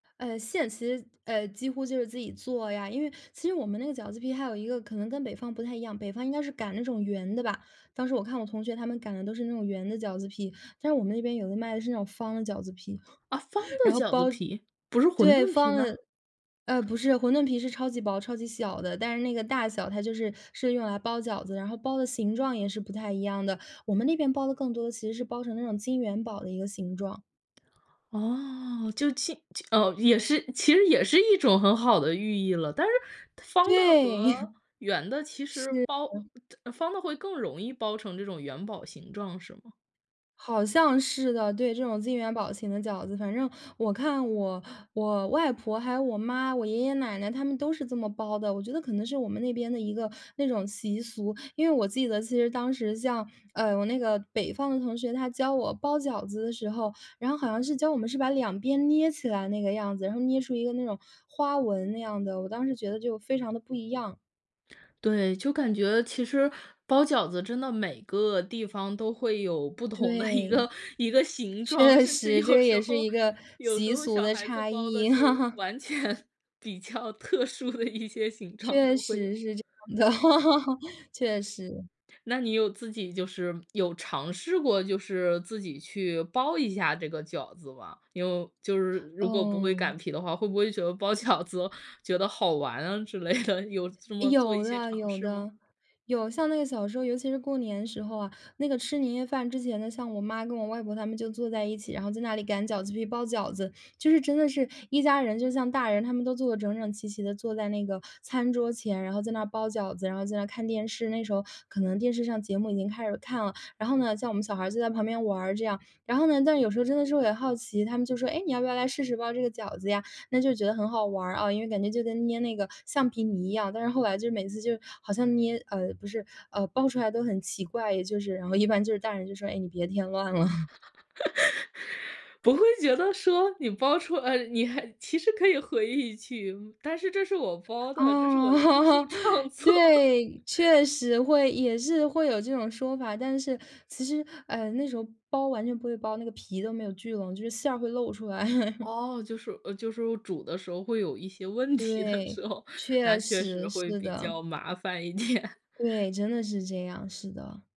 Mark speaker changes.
Speaker 1: 呃，现实呃，几乎就是自己做呀，因为其实我们那个饺子皮还有一个可能跟北方不太一样，北方应该是擀那种圆的吧，当时我看我同学他们擀的都是那种圆的饺子皮。但是我们那边有的卖的是那种方的饺子皮，
Speaker 2: 啊，方 的
Speaker 1: 然后
Speaker 2: 饺子
Speaker 1: 包
Speaker 2: 皮，不是馄
Speaker 1: 对，
Speaker 2: 饨皮
Speaker 1: 方的，
Speaker 2: 吗？
Speaker 1: 呃，不是馄饨皮是超级薄、超级小的，但是那个大小它就是是用来包饺子，然后包的形状也是不太一样的，我们那边包的更多的其实是包成那种金元宝的一个形状。
Speaker 2: 哦，就其其哦，也是其实也是一种很好的寓意了，但是方的
Speaker 1: 对。
Speaker 2: 和 圆的，其实
Speaker 1: 是，
Speaker 2: 包
Speaker 1: 嗯。
Speaker 2: 方的会更容易包成这种元宝形状，是吗？
Speaker 1: 好像是的，对，这种金元宝形的饺子。反正我看我我外婆还有我妈，我爷爷奶奶他们都是这么包的，我觉得可能是我们那边的一个那种习俗。因为我记得其实当时像，呃，我那个北方的同学，他教我包饺子的时候，然后好像是教我们是把两边捏起来那个样子，然后捏出一个那种花纹那样的，我当时觉得就非常的不一样。
Speaker 2: 对，就感觉其实包饺子真的每个地方都会有不同的一
Speaker 1: 对。
Speaker 2: 个一个形状，
Speaker 1: 确
Speaker 2: 甚至
Speaker 1: 实，这
Speaker 2: 有
Speaker 1: 个
Speaker 2: 时
Speaker 1: 也是
Speaker 2: 候
Speaker 1: 一个
Speaker 2: 有时
Speaker 1: 习
Speaker 2: 候
Speaker 1: 俗
Speaker 2: 小
Speaker 1: 的
Speaker 2: 孩子
Speaker 1: 差
Speaker 2: 包的
Speaker 1: 异。
Speaker 2: 就 完全比较特殊的一些形状
Speaker 1: 确
Speaker 2: 都会有。
Speaker 1: 实是这样的，确实。
Speaker 2: 那你有自己就是有尝试过就是自己去包一下这个饺子吗？因为就是如果不会
Speaker 1: 嗯。
Speaker 2: 擀皮的话，会不会觉得包饺子觉得好玩啊之类的，有这么做一
Speaker 1: 有
Speaker 2: 些
Speaker 1: 的
Speaker 2: 尝
Speaker 1: 有
Speaker 2: 试吗？
Speaker 1: 的。有，像那个小时候，尤其是过年时候啊，那个吃年夜饭之前呢，像我妈跟我外婆她们就坐在一起，然后在那里擀饺子皮、包饺子，就是真的是一家人就像大人，他们都坐得整整齐齐地坐在那个餐桌前，然后在那包饺子，然后在那看电视，那时候可能电视上节目已经开始看了，然后呢，像我们小孩儿就在旁边玩儿这样。然后，但有时候真的是我也好奇，他们就说：“诶，你要不要来试试包这个饺子呀？”那就是觉得很好玩儿，啊，因为感觉就跟捏那个橡皮泥一样，但是后来就是，每次就是好像捏呃，不是，呃，包出来都很奇怪，也就是然后一般就是大人就说：“诶，你别添乱了。”
Speaker 2: 不会觉得说，你包出呃，你还其实可以回忆起，但是这是我包的，这是我的艺术
Speaker 1: 哦。
Speaker 2: 创 作。
Speaker 1: 对，确实会，也是会有这种说法，但是其实，呃，那时候包完全不会包，那个皮都没有聚拢，就是馅儿会露出来。
Speaker 2: 哦，就是呃，就是煮的时候，会有一些问题的
Speaker 1: 对，
Speaker 2: 时候，那
Speaker 1: 确
Speaker 2: 确
Speaker 1: 实，
Speaker 2: 实会
Speaker 1: 是
Speaker 2: 比
Speaker 1: 的。
Speaker 2: 较麻烦一点。
Speaker 1: 对，真的是这样，是的。